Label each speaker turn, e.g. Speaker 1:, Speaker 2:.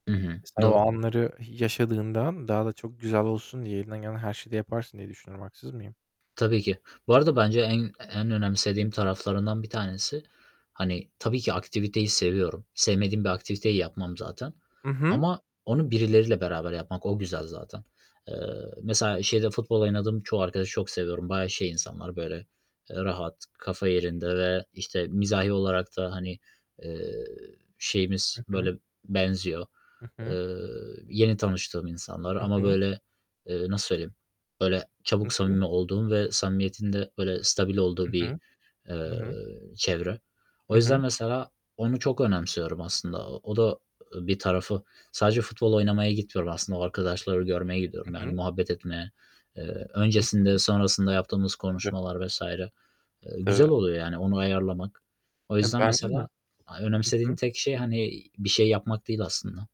Speaker 1: Hı hı,
Speaker 2: Sen o
Speaker 1: doğru.
Speaker 2: anları y yaşadığından daha da çok güzel olsun diye elinden gelen her şeyi de yaparsın diye düşünüyorum. Haksız mıyım?
Speaker 1: Tabii ki. Bu arada bence en en önemsediğim taraflarından bir tanesi, hani, tabii ki aktiviteyi seviyorum. Sevmediğim bir aktiviteyi yapmam zaten
Speaker 2: Hı hı.
Speaker 1: ama onu birileriyle beraber yapmak, o güzel zaten. Eee, mesela şeyde futbol oynadığım çoğu arkadaşı çok seviyorum. Bayağı şey insanlar, böyle, eee, rahat, kafa yerinde ve, işte, mizahi olarak da, hani, eee, şeyimiz,
Speaker 2: Hı hı.
Speaker 1: böyle, benziyor.
Speaker 2: Hı hı.
Speaker 1: Eee, yeni tanıştığım insanlar
Speaker 2: Hı
Speaker 1: ama,
Speaker 2: hı.
Speaker 1: böyle, eee, nasıl söyleyeyim, böyle,
Speaker 2: Hı
Speaker 1: çabuk
Speaker 2: hı.
Speaker 1: samimi olduğum ve samimiyetin de böyle stabil olduğu
Speaker 2: Hı
Speaker 1: bir,
Speaker 2: hı, hı
Speaker 1: eee,
Speaker 2: hı.
Speaker 1: çevre. O
Speaker 2: Hı hı.
Speaker 1: yüzden mesela onu çok önemsiyorum aslında. O o da, eee, bir tarafı, sadece futbol oynamaya gitmiyorum aslında, o arkadaşları görmeye
Speaker 2: Hı
Speaker 1: gidiyorum, yani
Speaker 2: hı.
Speaker 1: muhabbet etmeye, eee,
Speaker 2: Hı
Speaker 1: öncesinde
Speaker 2: hı.
Speaker 1: sonrasında yaptığımız
Speaker 2: Tabii.
Speaker 1: konuşmalar vs. eee, güzel
Speaker 2: Tabii.
Speaker 1: oluyor, yani, onu ayarlamak. O
Speaker 2: He,
Speaker 1: yüzden
Speaker 2: bence de.
Speaker 1: mesela
Speaker 2: Hı
Speaker 1: a önemsediğim
Speaker 2: hı.
Speaker 1: tek şey hani bir şey yapmak değil aslında.